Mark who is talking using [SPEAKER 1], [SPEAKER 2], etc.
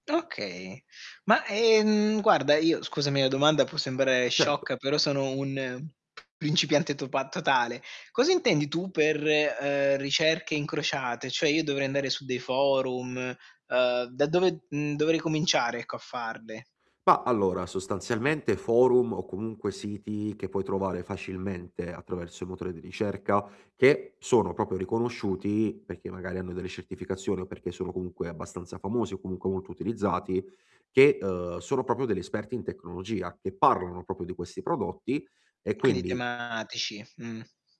[SPEAKER 1] Okay. Ma, ehm, guarda, io scusami la domanda, può sembrare
[SPEAKER 2] Certo.
[SPEAKER 1] sciocca però sono un principiante topa totale. Cosa intendi tu per, ehm, ricerche incrociate? Cioè io dovrei andare su dei forum, uhm, da dove, mhmm, dovrei cominciare ecco a farle?
[SPEAKER 2] Mah, allora sostanzialmente forum, o comunque siti che puoi trovare facilmente attraverso i motori di ricerca, che sono proprio riconosciuti perché magari hanno delle certificazioni, o perché sono comunque abbastanza famosi, o comunque molto utilizzati, che, uhm, sono proprio degli esperti in tecnologia, che parlano proprio di questi prodotti, e
[SPEAKER 1] Quindi
[SPEAKER 2] quindi
[SPEAKER 1] tematici, mh.